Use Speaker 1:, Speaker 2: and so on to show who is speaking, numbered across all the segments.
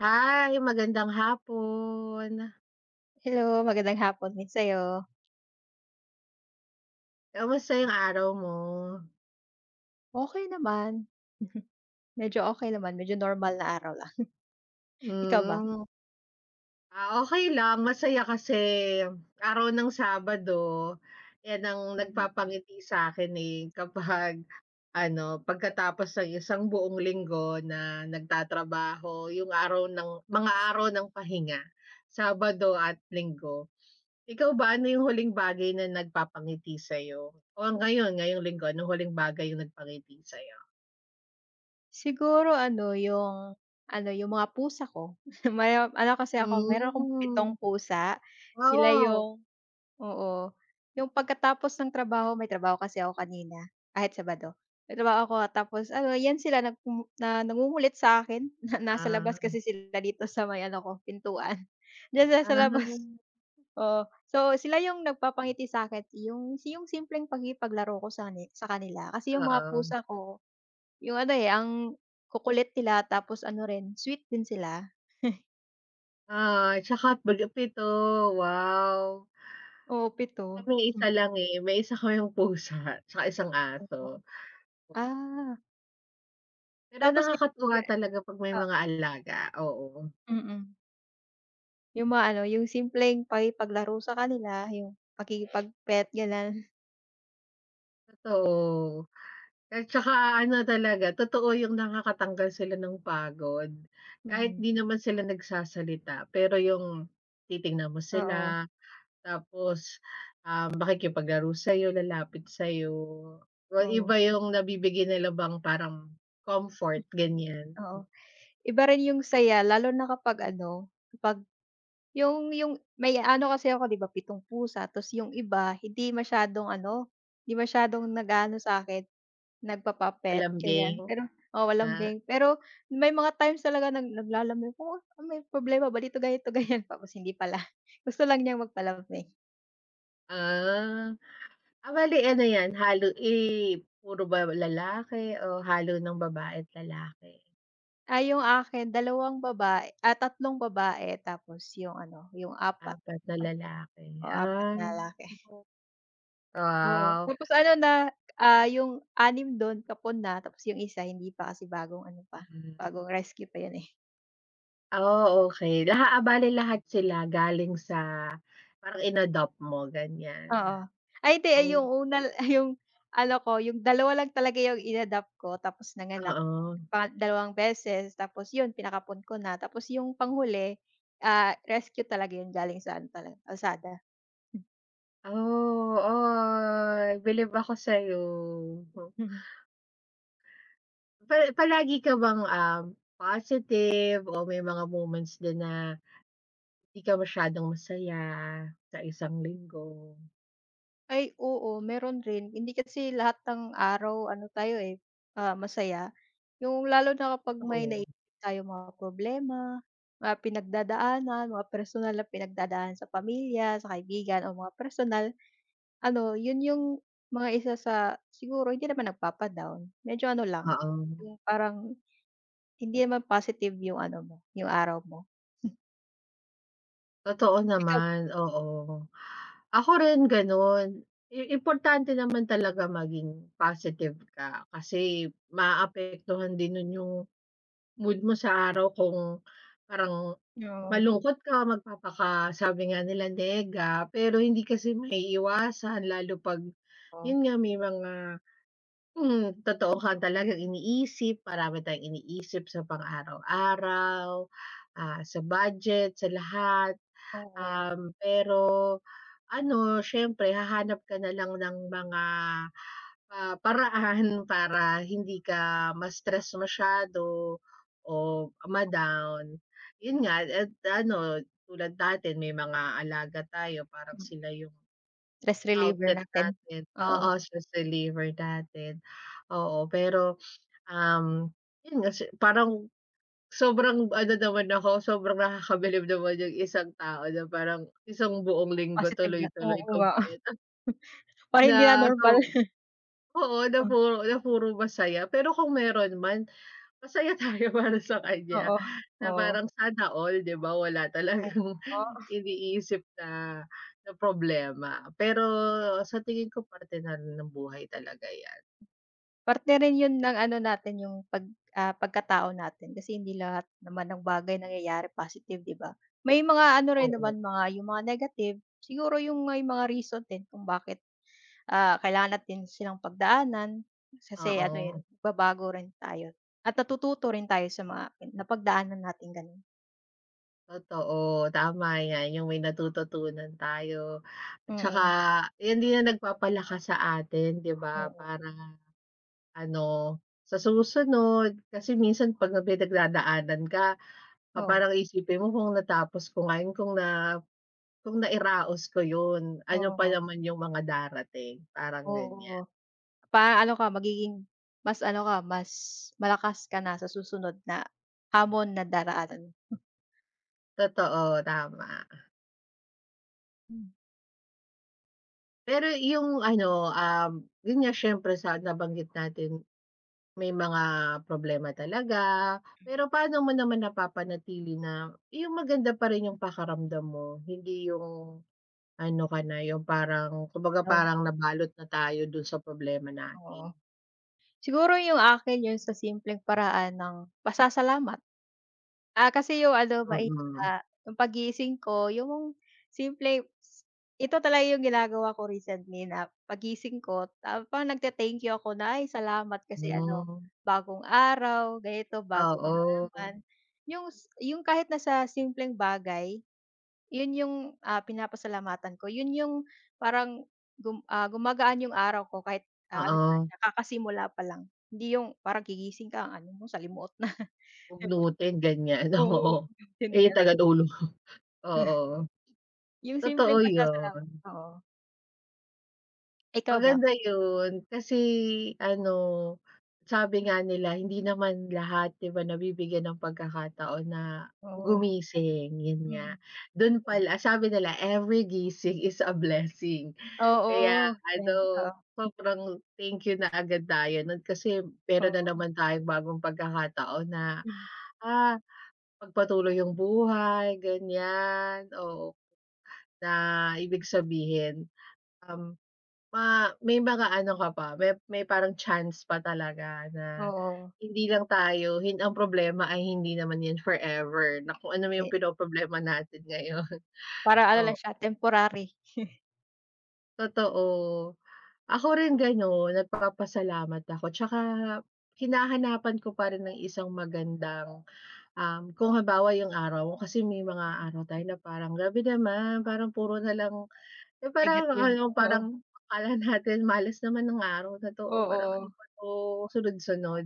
Speaker 1: Hi, magandang hapon.
Speaker 2: Hello, magandang hapon din sa'yo.
Speaker 1: Kumusta yung araw mo?
Speaker 2: Okey naman. Medyo okey naman, medyo normal na araw lang. Ikaw ba?
Speaker 1: Hmm. Ah, okey lang, masaya kasi araw ng Sabado. 'Yan ang
Speaker 2: Mhm.
Speaker 1: nagpapangiti sa'kin eh, kapag ano pagkatapos ng 1 buong linggo na nagtatrabaho yung araw ng mga araw ng pahinga, Sabado at Linggo. Ikaw ba, ano yung huling bagay na nagpapangiti sa'yo? O ngayon, ngayong Linggo, anong huling bagay yung nagpangiti sa'yo?
Speaker 2: Siguro ano yung, ano yung mga pusa ko. May ano kasi ako, meron akong 7
Speaker 1: Hmm.
Speaker 2: pusa. Sila
Speaker 1: Oo.
Speaker 2: yung oo, yung pagkatapos ng trabaho, may trabaho kasi ako kanina kahit Sabado, may trabaho ako tapos ano' yan sila nagku na nangungulit sa'kin na nasa labas
Speaker 1: Ah.
Speaker 2: kasi sila dito sa may ano ko pintuan. D'yan sa sa labas,
Speaker 1: Ah.
Speaker 2: oo so sila yung nagpapangiti sa'kin. Yung yung simpleng pakipaglaro ko sa ni sa kanila. Kasi yung mga
Speaker 1: Oo.
Speaker 2: pusa ko yung ano eh, ang kukulit nila tapos ano rin, sweet din sila.
Speaker 1: Oo, tsaka bale 7, wow!
Speaker 2: Oo, 7.
Speaker 1: Sa'min, isa lang, eh, may 1 kaming pusa, tsaka 1 aso.
Speaker 2: Oo. Ah.
Speaker 1: Pero
Speaker 2: Tapos, eh,
Speaker 1: nakakatuwa talaga 'pag may
Speaker 2: oo.
Speaker 1: mga alaga, oo.
Speaker 2: Mm. 'Yung mga ano, 'yung simpleng pakikipaglaro sa kanila yung pakikipag-pet ganun.
Speaker 1: Totoo. At saka ano talaga, totoo yung nakakatanggal sila ng pagod. Kahit
Speaker 2: Mm.
Speaker 1: di naman sila nagsasalita, pero yung titingnan mo
Speaker 2: Oo.
Speaker 1: sila, tapos, ah, makikipaglaro sa'yo, lalapit sa'yo, oh,
Speaker 2: Oo.
Speaker 1: iba yung nabibigay nila bang parang
Speaker 2: Mm.
Speaker 1: comfort, ganyan.
Speaker 2: Oo. Iba rin yung saya, lalo na kapag ano, kapag yung yung may ano kasi ako, 'di ba 7 pusa, tas yung iba hindi masyadong ano, hindi masyadong nag-aano sa akin nagpapa-pet,
Speaker 1: Malambing,
Speaker 2: ganyan. Pero oo,
Speaker 1: nga
Speaker 2: lambing. Pero may mga times talaga nag naglalambing, oh, oh, may problema ba dito, ganito, ganyan, tapos hindi pala, gusto lang niyang magpalambing.
Speaker 1: Ah, a bale ano yan halo eh, puro ba lalaki o halo ng babae't lalaki?
Speaker 2: Ay yung akin 2 baba ah, 3 babae tapos yung ano, yung 4-
Speaker 1: 4 na lalaki
Speaker 2: oo 4
Speaker 1: ah,
Speaker 2: na lalaki. Oo,
Speaker 1: wow.
Speaker 2: tapos ano na ah, yung 6 don kapon na tapos yung 1 hindi pa kasi bagong ano pa,
Speaker 1: Mhm.
Speaker 2: bagong rescue pa yun eh.
Speaker 1: Ah, okey, laha ah, bale lahat sila galing sa parang inadopt mo ganyan.
Speaker 2: Oo, ay hindi yung
Speaker 1: Oh.
Speaker 2: una, yung ano ko, yung 2 lang talaga yung inadopt ko, tapos nanganak
Speaker 1: Oo.
Speaker 2: pa 2 beses tapos yun pinakapon ko na, tapos yung panghuli ah, rescue talaga yun galing sa ano kalsada.
Speaker 1: Oh, ay bilib ako sa'yo.
Speaker 2: Mhm.
Speaker 1: Pa palagi ka bang ah, positive o may mga moments din na hindi ka masyadong masaya sa isang linggo?
Speaker 2: Ay oo, meron rin. Hindi kasi lahat ng araw ano tayo, eh, ah, masaya. 'Yung lalo na kapag may nai
Speaker 1: Totoo.
Speaker 2: tayong mga problema, mga pinagdadaanan, mga personal na pinagdadaan sa pamilya, sa kaibigan, o mga personal, ano, yun yung mga isa sa siguro hindi naman nagpapa-down, medyo ano lang,
Speaker 1: Oo.
Speaker 2: yung parang hindi naman positive yung ano mo, yung araw mo.
Speaker 1: Totoo
Speaker 2: Ikaw.
Speaker 1: naman, oo. Ako rin ganun, i importante naman talaga maging positive ka, kasi maaapektuhan din nun yung mood mo sa araw kung parang
Speaker 2: Oo.
Speaker 1: malungkot ka magpapaka sabi nga nila nega. Pero hindi kasi maiiwasan, lalo 'pag
Speaker 2: Oh.
Speaker 1: yun nga may mga, hmm, totoo ka talagang iniisip, marami tayong iniisip sa pang araw-araw, ah, sa budget, sa lahat.
Speaker 2: Oo.
Speaker 1: Um, pero ano, syempre hahanap ka nalang ng mga, ah, paraan para hindi ka ma-stress masyado o, ma-down. Yun nga, eh, ano, tulad natin may mga alaga tayo parang
Speaker 2: Mm.
Speaker 1: sila yung,
Speaker 2: Stress reliever
Speaker 1: outlet
Speaker 2: natin,
Speaker 1: natin,
Speaker 2: oo.
Speaker 1: oo, stress reliever natin. Oo, pero, um, 'yun nga kasi parang sobrang ano naman ako, sobrang nakakabilib naman yung isang tao na parang 1 buong linggo
Speaker 2: Positive na
Speaker 1: tuloy-tuloy
Speaker 2: oo nga.
Speaker 1: kumpleto.
Speaker 2: Oy hindi ah,
Speaker 1: Na
Speaker 2: normal.
Speaker 1: so oo na puro na puro masaya. Pero kung meron man, masaya tayo para sa kanya.
Speaker 2: Oo.
Speaker 1: Na
Speaker 2: Oo.
Speaker 1: parang sana all, 'di ba? Wala
Speaker 2: Oo,
Speaker 1: talagang
Speaker 2: po.
Speaker 1: iniisip na na problema. Pero sa tingin ko parte na rin ng buhay talaga 'yan.
Speaker 2: Parte rin yun ng ano natin, yung 'pag, ah, pagkatao natin. Kasi hindi lahat naman ng bagay nangyayari positive, 'di ba? May mga ano rin
Speaker 1: Oo.
Speaker 2: naman mga yung mga negative, siguro yung may mga reason din kung bakit, ah, kailangan natin silang pagdaanan kasi ano, eh,
Speaker 1: Oo.
Speaker 2: nagbabago rin tayo at natututo rin tayo sa mga napagdaanan nating ganon.
Speaker 1: Totoo, tama 'yan, 'yung may natututunan tayo at tsaka
Speaker 2: Mm.
Speaker 1: iyan din ang nagpapalakas sa atin 'di ba,
Speaker 2: Oo.
Speaker 1: para ano sa susunod kasi minsan 'pag may pinagdadaanan ka, pa
Speaker 2: Oo.
Speaker 1: parang iisipin mo, kung natapos ko nga 'yung kung nga kung nairaos ko 'yun, ano pa
Speaker 2: Oo.
Speaker 1: naman 'yung mga darating, parang ganiyan.
Speaker 2: Oo, pa ano ka magiging mas ano ka mas malakas ka na sa susunod na hamon na daraanan mo.
Speaker 1: Totoo, tama.
Speaker 2: Hmm.
Speaker 1: Pero 'yung ano, um, 'yun nga, siyempre sa nabanggit natin may mga problema talaga. Pero paano mo naman napapanatili na 'yung maganda pa rin 'yung pakiramdam mo, hindi 'yung ano ka na, 'yung parang kumbaga
Speaker 2: On.
Speaker 1: parang nabalot na tayo do'n sa problema
Speaker 2: Oo.
Speaker 1: natin?
Speaker 2: Siguro 'yung akin 'yun sa simpleng paraan ng pasasalamat. Ah, kasi 'yung ano mai
Speaker 1: Mm.
Speaker 2: ta 'yung paggising ko 'yung simpleng s ito talaga 'yung ginagawa ko recently na, paggising ko, tap nagte-thank you ako na, "ay salamat kasi ano,
Speaker 1: Hmm.
Speaker 2: bagong araw, ganito bagong ano
Speaker 1: Oo.
Speaker 2: naman," 'yung s 'yung kahit nasa simpleng bagay 'yun 'yung, ah, pinapasalamatan ko, 'yun 'yung, parang gum ah, gumagaan 'yung araw ko kahit, ah, ano ko
Speaker 1: Oo.
Speaker 2: kakasimula pa lang, hindi 'yung parang gigising ka ang ano mo salimuot na. 'Di ba?
Speaker 1: Bugnutin ganiyan, oo.
Speaker 2: Oo, hin
Speaker 1: Eh,
Speaker 2: talaga.
Speaker 1: tagadulo, oo.
Speaker 2: 'Yung
Speaker 1: Totoo
Speaker 2: simpleng pasasalamat,
Speaker 1: 'yun.
Speaker 2: oo. Ikaw ba?
Speaker 1: Maganda yun. Kasi ano, sabi nga nila hindi naman lahat, 'di ba nabibigyan ng pagkakataon na
Speaker 2: Oo.
Speaker 1: gumising, yun nga.
Speaker 2: Mm.
Speaker 1: Du'n pal
Speaker 2: Yon.
Speaker 1: sabi nila every gising is a blessing. Kaya
Speaker 2: Oo. 'Yan,
Speaker 1: ano,
Speaker 2: oo.
Speaker 1: sobrang thank you na agad tayo nun, kasi meron na
Speaker 2: Oo.
Speaker 1: naman tayong bagong pagkakataon na,
Speaker 2: Hmm.
Speaker 1: ah, pagpatuloy yung buhay, ganyan. Oo. Na ibig sabihin, um, ma may mga ano ka pa may may parang chance pa talaga na,
Speaker 2: Oo.
Speaker 1: hindi lang tayo hin ang problema ay hindi naman yun forever, na kung ano man yung
Speaker 2: Eh
Speaker 1: pinoproblema natin ngayon,
Speaker 2: Para ano lang
Speaker 1: oo.
Speaker 2: siya, temporary.
Speaker 1: Totoo. Ako rin ganun. Nagpapasalamat ako, 'tsaka hinahanapan ko pa rin ng isang magandang, um, kung halimbawa yung araw ko, kasi may mga araw tayo na parang grabe naman parang puro nalang, eh, parang
Speaker 2: Negative.
Speaker 1: ano,
Speaker 2: Oo.
Speaker 1: parang akala natin malas naman ng araw na 'to, o parang ano
Speaker 2: Oo.
Speaker 1: ba 'to, sunod-sunod.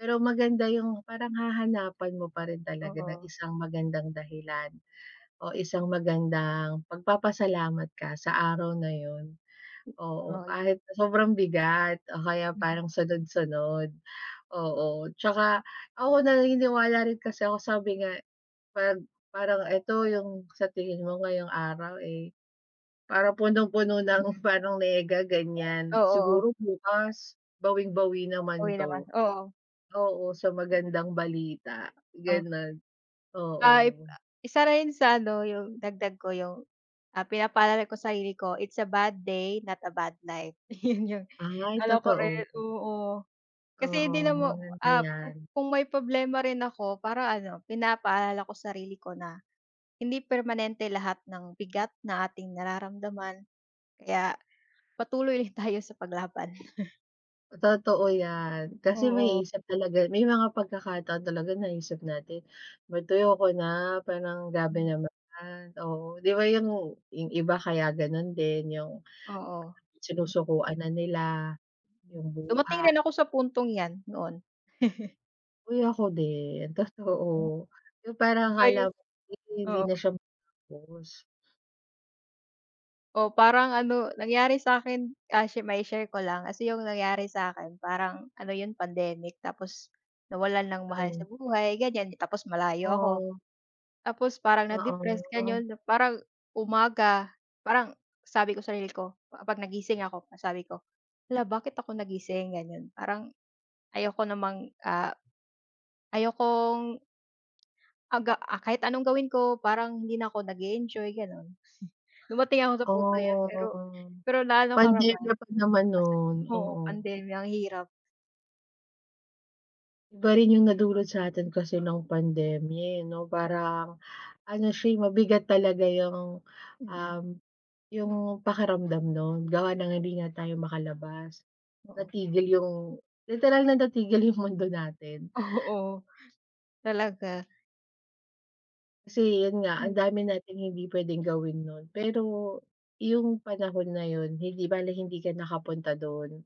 Speaker 1: Pero maganda yung parang hahanapan mo parin talaga ng
Speaker 2: Oo.
Speaker 1: isang magandang dahilan, o isang magandang pagpapasalamat ka sa araw na yun. Oo.
Speaker 2: Ay.
Speaker 1: Kahit sobrang bigat o kaya
Speaker 2: Mm.
Speaker 1: parang sunod-sunod, oo. 'Tsaka ako naniniwala rin kasi ako sabi nga, 'pag parang eto yung sa tingin mo ngayong araw, eh, parang punong-puno ng
Speaker 2: Mm.
Speaker 1: parang nega ganyan,
Speaker 2: Oo.
Speaker 1: siguro bukas bawing-bawi naman
Speaker 2: Okey naman,
Speaker 1: 'to.
Speaker 2: oo.
Speaker 1: Oo. Sa magandang balita,
Speaker 2: Oh.
Speaker 1: ganon.
Speaker 2: Ay,
Speaker 1: Oo.
Speaker 2: a isa rin sa ano yung dagdag ko yung, ah, pinapaalala ko sarili ko, "It's a bad day, not a bad life." 'Yun 'yung
Speaker 1: Ay,
Speaker 2: ano ko
Speaker 1: totoo.
Speaker 2: rin oo. Kasi hindi
Speaker 1: Oo,
Speaker 2: naman
Speaker 1: maganda
Speaker 2: ah,
Speaker 1: 'yan.
Speaker 2: kung may problema rin ako parang ano, pinapaalala ko sarili ko na, "Hindi permanente lahat ng bigat na ating nararamdaman, kaya patuloy lang tayo sa paglaban."
Speaker 1: Totoo yan, kasi
Speaker 2: Oo.
Speaker 1: maiisip talaga may mga pagkakataon talaga naisip natin, mad "Ayoko ko na", parang, "Grabe
Speaker 2: Hmm.
Speaker 1: naman", oo. 'Di ba, yung yung iba, kaya gano'n din, yung,
Speaker 2: Oo, m
Speaker 1: sinusukuan na nila,
Speaker 2: Hmm,
Speaker 1: yung
Speaker 2: dumating
Speaker 1: buha
Speaker 2: rin ako sa puntong yan, noon.
Speaker 1: Uy! Ako din,
Speaker 2: Hmm.
Speaker 1: totoo. Yung
Speaker 2: 'Di
Speaker 1: parang
Speaker 2: ba, 'yo
Speaker 1: akala mo, hindi
Speaker 2: oo.
Speaker 1: na siya matapos.
Speaker 2: Oh, parang ano nangyari sa'kin, ah, shi ma-i-share ko lang, kasi yung nangyari sa'kin, parang ano 'yon pandemic. Tapos, nawalan ng mahal sa
Speaker 1: Ay.
Speaker 2: buhay, ganyan. Tapos malayo ako.
Speaker 1: Oo.
Speaker 2: Tapos, parang
Speaker 1: Oo,
Speaker 2: na-depressed,
Speaker 1: oo.
Speaker 2: gano'n, parang umaga parang sabi ko sarili ko, pa ah, 'pag nagising ako, ang sabi ko, "Hala bakit ako nagising", gano'n. Parang ayoko namang, ah, ayokong aga ah, kahit anong gawin ko, parang hindi na ako nag-e-enjoy, gano'n. Dumating ako sa puntong yan, pero
Speaker 1: Ooh,
Speaker 2: pero na-ano ko naman,
Speaker 1: pandemya pa naman
Speaker 2: nalampasan
Speaker 1: no'n,
Speaker 2: oo,
Speaker 1: oo.
Speaker 2: pandemya, ang hirap.
Speaker 1: Iba rin yung nadulot sa'tin kasi ng pandemya, eh, 'no? Parang ano siya, eh, mabigat talaga yung,
Speaker 2: Mm.
Speaker 1: um, 'yung pakiramdam no'n, gawa ng hindi nga tayo makalabas.
Speaker 2: Oo.
Speaker 1: Natigil yung literal na natigil yung mundo natin.
Speaker 2: Oo, talaga.
Speaker 1: Kasi 'yon nga ang
Speaker 2: Hmm.
Speaker 1: dami nating hindi pwedeng gawin no'n. Pero yung panahon na 'yon hindi bale hindi ka nakapunta 'don.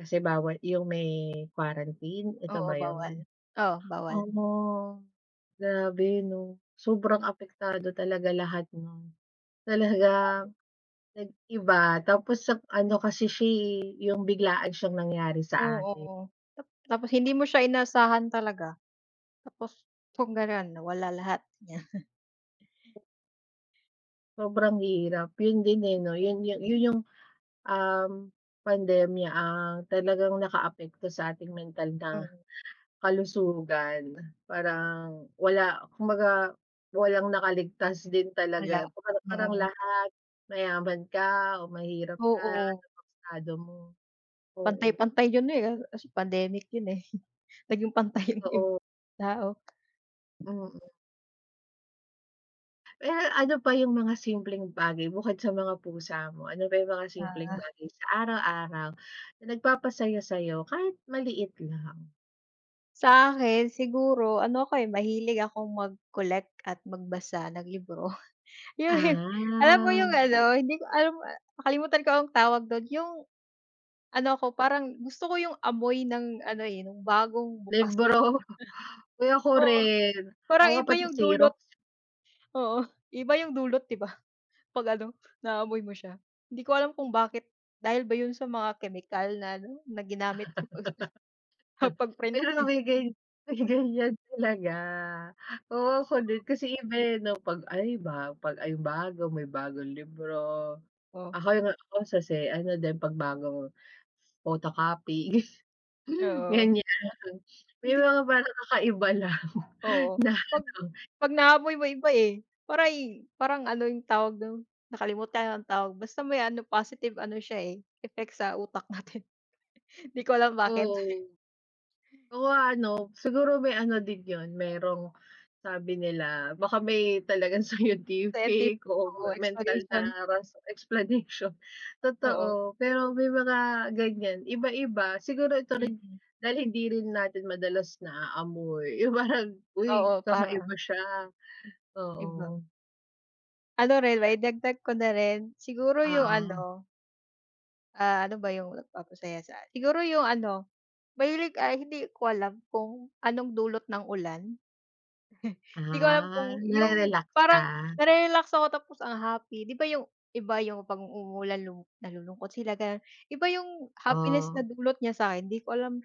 Speaker 1: Kasi bawal 'yung may quarantine, 'eto
Speaker 2: Oo,
Speaker 1: ba
Speaker 2: bawal,
Speaker 1: 'yon?
Speaker 2: oh
Speaker 1: Oh,
Speaker 2: bawal.
Speaker 1: 'no, grabe, 'no, sobrang apektado talaga lahat, 'no?
Speaker 2: 'Di
Speaker 1: Talagang
Speaker 2: bale.
Speaker 1: nag-iba, tapos sa p ano kasi siya, eh, yung biglaan siyang nangyari sa atin.
Speaker 2: Oo, tap tapos hindi mo siya inaasahan talaga. Tapos, kung ganon, nawala lahat, niya.
Speaker 1: Sobrang hirap, 'yon din, eh, 'no,
Speaker 2: [unintelligible]
Speaker 1: 'yon yung 'yon yung, um, pandemiya ang talagang nakaapekto sa ating mental na
Speaker 2: Hmm.
Speaker 1: kalusugan. Parang wala, kumbaga walang nakaligtas din
Speaker 2: Wala,
Speaker 1: talaga, po haru parang
Speaker 2: oo.
Speaker 1: lahat mayaman ka o mahirap ka ano
Speaker 2: Oo.
Speaker 1: mang estado mo. Oo.
Speaker 2: Pantay-pantay 'yon, eh, ah, eh, kasi pandemic 'yon, eh, naging pantay yung ib
Speaker 1: Totoo.
Speaker 2: tao.
Speaker 1: Mm. Pero ano pa yung mga simpleng bagay bukod sa mga pusa mo? Ano pa yung mga simpleng
Speaker 2: Ah.
Speaker 1: bagay sa araw-araw na nagpapasaya sa'yo kahit maliit lang?
Speaker 2: Sa'kin siguro ano ako eh, mahilig akong mag-collect at magbasa ng libro. Yung alam mo
Speaker 1: Ah.
Speaker 2: yung ano, hindi ko alam, ah, nakalimutan ko anong tawag dun, yung ano ako, parang gusto ko yung amoy ng ano eh, nung bagong bukas [unintelligible]
Speaker 1: Libro, uy ako
Speaker 2: Oo,
Speaker 1: rin. Ako
Speaker 2: parang
Speaker 1: nga
Speaker 2: iba
Speaker 1: pati
Speaker 2: yung
Speaker 1: xerox.
Speaker 2: dulot. Oo, iba yung dulot 'di ba 'pag ano, naaamoy mo siya. Hindi ko alam kung bakit dahil ba yun sa mga kemikal na ano na ginamit sa pagsusu sa pag-print
Speaker 1: Pero 'no
Speaker 2: eh.
Speaker 1: may gan may ganyan talaga. Oo, ako din kasi iba eh 'no 'pag ay ba 'pag ayun bago may bagong libro.
Speaker 2: Oh.
Speaker 1: Ako nga ako sa si ano din 'pag bagong photocopy
Speaker 2: Oo.
Speaker 1: ganyan, may
Speaker 2: Hindi
Speaker 1: mga parang kakaiba lang na
Speaker 2: Oo, 'pag
Speaker 1: ano.
Speaker 2: 'pag naamoy mo iba eh, para'y parang ano yung tawag dun, nakalimutan anong tawag, basta may ano positive ano siya eh, effect sa utak natin. 'Di ko alam bakit.
Speaker 1: Oo. Oh, ano, siguro may ano din yun, merong sabi nila baka may talagang
Speaker 2: Scientific,
Speaker 1: scientific o ma
Speaker 2: oo,
Speaker 1: mental
Speaker 2: explanation.
Speaker 1: na ras explanation.
Speaker 2: Oo.
Speaker 1: Totoo, pero may mga ganyan. Iba-iba, siguro ito rin
Speaker 2: Mm.
Speaker 1: dahil hindi rin natin madalas naaamoy yung parang, uy
Speaker 2: Oo, parang
Speaker 1: kakaiba siya,
Speaker 2: Iba.
Speaker 1: oo.
Speaker 2: Ano rin mai-dagdag ko na rin, siguro yung
Speaker 1: Oo.
Speaker 2: ano ah. ano ba yung nagpapasaya sa siguro yung ano, mahilig, ay hindi ko alam kung anong dulot ng ulan? 'Di ko alam
Speaker 1: Ah,
Speaker 2: kung yung
Speaker 1: nare-relax
Speaker 2: parang
Speaker 1: ka?
Speaker 2: nare-relax ako tapos ang happy 'di ba yung, iba, yung 'pag umuulan lu nalulungkot sila ganon, iba yung happiness na
Speaker 1: Oh.
Speaker 2: dulot niya sakin hindi ko alam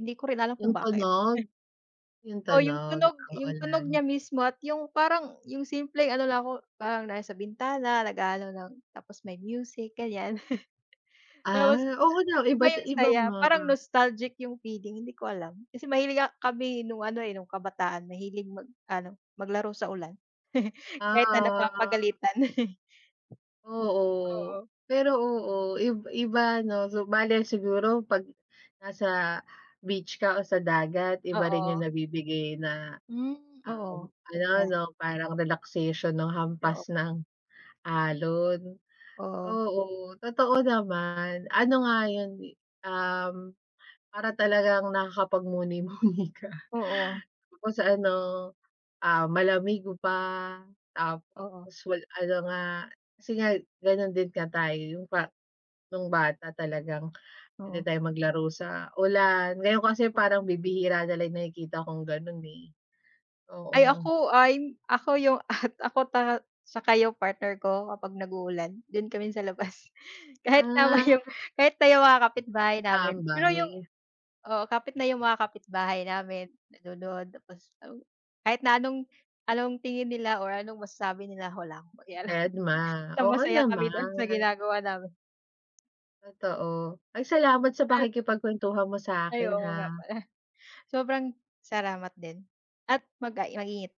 Speaker 2: hindi ko rin alam kung
Speaker 1: Yung
Speaker 2: bakit?
Speaker 1: tunog? Yung
Speaker 2: O yung
Speaker 1: tunog
Speaker 2: tunog
Speaker 1: ng
Speaker 2: yung tunog niya
Speaker 1: ulan.
Speaker 2: mismo at yung parang yung simpleng ano lang ako, parang nasa sa bintana nag-aano lang tapos may music ganyan,
Speaker 1: Ah,
Speaker 2: tapos
Speaker 1: oo daw
Speaker 2: iba yung
Speaker 1: iba't-iba
Speaker 2: saya,
Speaker 1: nga.
Speaker 2: parang nostalgic yung feeling hindi ko alam kasi mahilig a kami nung ano, eh, nung kabataan mahilig mag-ano, maglaro sa ulan kahit na
Speaker 1: Ah.
Speaker 2: napapagalitan.
Speaker 1: Oo,
Speaker 2: Oo.
Speaker 1: pero oo ib iba 'no, so bale siguro 'pag nasa beach ka o sa dagat iba rin yung
Speaker 2: Oo.
Speaker 1: nabibigay na,
Speaker 2: Hmm,
Speaker 1: um,
Speaker 2: oo, 'di
Speaker 1: ano
Speaker 2: ba?
Speaker 1: 'no, parang relaxation nung
Speaker 2: Oo.
Speaker 1: hampas ng alon.
Speaker 2: Oo.
Speaker 1: Oo totoo naman, ano nga yun, um, para talagang nakakapagmuni-muni ka.
Speaker 2: Oo.
Speaker 1: Tapos ano, ah, malamig pa
Speaker 2: Oo.
Speaker 1: tapos wal ano nga kasi nga ganun din nga tayo yung pa nung bata talagang pwede
Speaker 2: Oo.
Speaker 1: tayong maglaro sa ulan, ngayon kasi parang bibihira nalang yung nakikita kong ganon, eh.
Speaker 2: Ay
Speaker 1: Oo.
Speaker 2: ako ay ako yung at ako ta saka yung partner ko kapag nag-uulan dun kami sa labas kahit naman
Speaker 1: Ah.
Speaker 2: yung kahit na yung mga kapitbahay
Speaker 1: Mga
Speaker 2: namin pero yung
Speaker 1: tambay.
Speaker 2: oo, kapit na yung mga kapitbahay namin nanonood tapos kahit na anong anong tingin nila or anong masasabi nila, wala akong pakialam,
Speaker 1: Dedma,
Speaker 2: basta
Speaker 1: oo
Speaker 2: masaya kami do'n sa
Speaker 1: naman.
Speaker 2: ginagawa namin.
Speaker 1: Totoo, ay salamat sa pakikipagkwentuhan mo
Speaker 2: Ay
Speaker 1: sa'kin
Speaker 2: oo
Speaker 1: ha?
Speaker 2: nga pala, sobrang salamat din at mag ah, mag-ingat.